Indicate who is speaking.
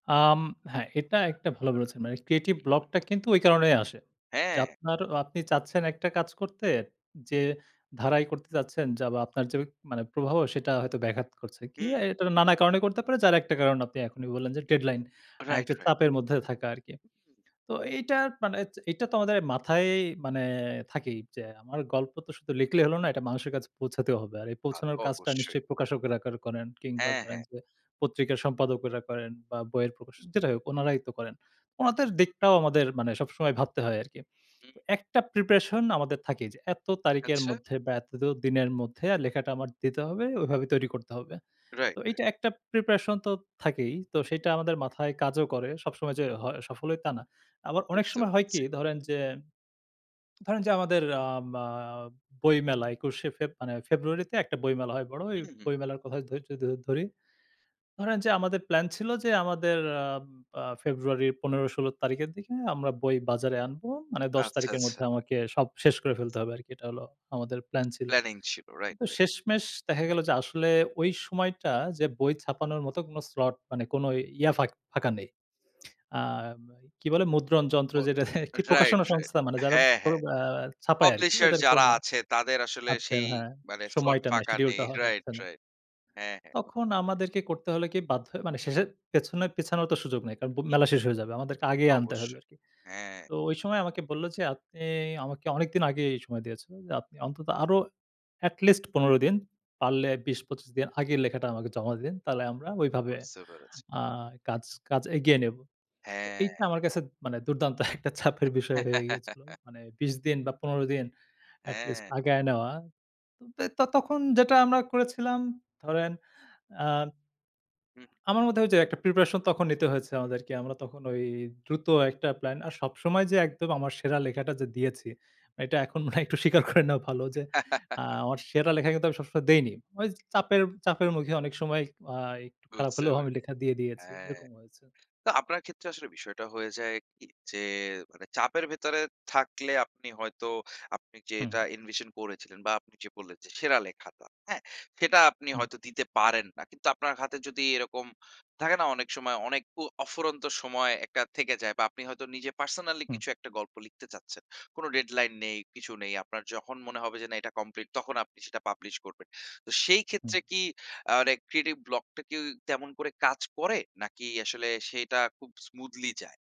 Speaker 1: আম হ্যাঁ, এটা একটা ভালো বলেছেন। মানে creative block টা কিন্তু ওই কারণেই আসে। যে,
Speaker 2: হ্যাঁ।
Speaker 1: আপনার অ আপনি চাচ্ছেন একটা কাজ করতে যে, ধারাই করতে চাচ্ছেন বা আপনার যে, মানে প্রভাবও সেটা হয়তো ব্যাঘাত করছে। কি অ্যা
Speaker 2: হুম।
Speaker 1: এটা নানা কারণে করতে পারে যার একটা কারণ আপনি এখনই বললেন যে, ডেডলাইন আ
Speaker 2: রাইট,
Speaker 1: একটা
Speaker 2: রাইট।
Speaker 1: চাপের মধ্যে থাকা আরকি। তো এইটা মানে চ এইটা তো আমাদের মাথাই মানে থাকেই যে, আমার গল্প তো শুধু লিখলেই হল না এটা মানুষের কাছে পৌঁছাতেও হবে আর এই
Speaker 2: তা, তো
Speaker 1: পৌঁছানোর কাজটা
Speaker 2: অবশ্যই।
Speaker 1: নিশ্চয়ই প্রকাশকেরা ক করেন কিংবা
Speaker 2: হ্যাঁ,
Speaker 1: ধরেন
Speaker 2: হ্যাঁ।
Speaker 1: যে, পত্রিকার সম্পাদকরা করেন বা বইয়ের প্রকাশক যেটাই হোক উনারাই তো করেন উনাদের দিকটাও আমাদের মানে সবসময় ভাবতে হয় আরকি।
Speaker 2: হুম।
Speaker 1: তো একটা প্রিপারেশন আমাদের থাকে যে, এত তারিখের
Speaker 2: আচ্ছা।
Speaker 1: মধ্যে বা এত দো দিনের মধ্যে আর লেখাটা আমার দিতে হবে ওইভাবে তৈরি করতে হবে।
Speaker 2: রাইট,
Speaker 1: তো
Speaker 2: রাইট।
Speaker 1: এইটা একটা প্রিপারেশন তো থাকেই, তো সেইটা আমাদের মাথায় কাজও করে। সবসময় যে হ সফল হই তা না। আবার অনেক
Speaker 2: বুঝতে
Speaker 1: সময় হয়
Speaker 2: পাচ্ছি।
Speaker 1: কি ধরেন যে, ধরেন যে, আমাদের আম আ বইমেলা একুশে ফেব মানে ফেব্রুয়ারিতে একটা বইমেলা হয় বড় এই
Speaker 2: হুম, হুম।
Speaker 1: বইমেলার কথা ধই য যদি ধরি। ধরেন যে, আমাদের প্ল্যান ছিল যে, আমাদের আম আ ফেব্রুয়ারির ১৫-১৬ তারিখের দিকে আমরা বই বাজারে আনবো। মানে ১০
Speaker 2: আচ্ছা,
Speaker 1: তারিখের
Speaker 2: আচ্ছা।
Speaker 1: মধ্যে আমাকে সব শেষ করে ফেলতে হবে আরকি এটা হলো আমাদের প্ল্যান ছিল।
Speaker 2: প্ল্যানিং ছিল রাইট, রাইট।
Speaker 1: শেষমেশ দেখা গেল যে, আসলে ওই সময়টা যে, বই ছাপানোর মত কোন slot মানে কোন ইয়া ফাঁক ফাঁকা নেই। আ ওই কি বলে মুদ্রণ যন্ত্র
Speaker 2: ম
Speaker 1: যেটা, কি
Speaker 2: রাইট,
Speaker 1: প্রকাশনা
Speaker 2: রাইট
Speaker 1: সংস্থা মানে যারা
Speaker 2: হ্যাঁ,
Speaker 1: প্র
Speaker 2: হ্যাঁ।
Speaker 1: আ ছাপায় আরকি
Speaker 2: পাবলিশার
Speaker 1: ওদের
Speaker 2: যারা
Speaker 1: কোন
Speaker 2: আছে তাদের আসলে
Speaker 1: আচ্ছা
Speaker 2: সেই
Speaker 1: হ্যাঁ,
Speaker 2: মানে slot
Speaker 1: সময়টা নাই,
Speaker 2: ফাঁকা
Speaker 1: schedule
Speaker 2: নেই।
Speaker 1: টা হ
Speaker 2: রাইট,
Speaker 1: হচ্ছে না।
Speaker 2: রাইট হ্যাঁ, হ্যাঁ।
Speaker 1: তখন আমাদেরকে করতে হলে কি বাধ্য হয়ে মানে শেষের পেছনে পেছানোর তো সুযোগ নাই। কারণ বো
Speaker 2: তো
Speaker 1: মেলা শেষ হয়ে যাবে আমাদেরকে আগেই আনতে হবে
Speaker 2: অবশ্যই
Speaker 1: আরকি।
Speaker 2: হ্যাঁ।
Speaker 1: তো ওই সময় আমাকে বলল যে, আপনি আমাকে অনেকদিন আগেই সময় দিয়েছেন। আপনি অন্তত আরো at list ১৫ দিন। পারলে ২০-২৫ দিন আগের লেখাটা আমাকে জমা দেন। তাহলে আমরা ওইভাবে
Speaker 2: বুঝতে পেরেছি।
Speaker 1: আ কাজ কাজ এগিয়ে নেব। তো
Speaker 2: হ্যাঁ।
Speaker 1: এইটা আমার কাছে মানে দুর্দান্ত একটা চাপের বিষয় হয়ে গিয়েছিল। মানে ২০ দিন বা ১৫ দিন at list
Speaker 2: হ্যাঁ।
Speaker 1: আগায় নেওয়া। তে ত তখন যেটা আমরা করেছিলাম ধরেন আ
Speaker 2: হুম।
Speaker 1: আমার মধ্যে ওইযে, একটা প্রিপারেশন তখন নিতে হয়েছে আমাদেরকে আমরা তখন ওই দ্রুত একটা প্ল্যান, আর সবসময় যে, একদম আমার সেরা লেখাটা যে দিয়েছি, এটা এখন মনে হয় একটু স্বীকার করে নেওয়া ভালো যে, আ আমার সেরা লেখা কিন্তু আমি সবসময় দেইনি। চাপের, চাপের মুখে অনেক সময় আ একটু খারাপ
Speaker 2: বুঝতে
Speaker 1: হলেও
Speaker 2: পে
Speaker 1: আমি লেখা দিয়ে দিয়েছি
Speaker 2: হ্যাঁ,
Speaker 1: এরকম হয়েছে।
Speaker 2: তো আপনার ক্ষেত্রে আসলে বিষয়টা হয়ে যায় কী যে, মানে চাপের ভেতরে থাকলে আপনি হয়তো আপনি যে,
Speaker 1: হুম।
Speaker 2: এটা invision করেছিলেন বা আপনি যে, বললেন যে সেরা লেখাটা হ্যাঁ, সেটা আপনি
Speaker 1: [unintelligible]
Speaker 2: হয়তো দিতে পারেন না। কিন্তু আপনার হাতে যদি এরকম থাকে না অনেক সময় অনেক ও অফুরন্ত সময় একটা থেকে যায় বা আপনি হয়তো নিজে পার্সোনালি
Speaker 1: হুম।
Speaker 2: কিছু একটা গল্প লিখতে চাচ্ছেন। কোন ডেডলাইন নেই, কিছু নেই আপনার যখন মনে হবে যে, না এটা কমপ্লিট তখন আপনি সেটা পাবলিশ করবেন। তো সেই
Speaker 1: হুম।
Speaker 2: ক্ষেত্রে কি আ মানে creative block টা কেউ তেমন করে কাজ করে নাকি আসলে সেটা খুব smoothly যায়?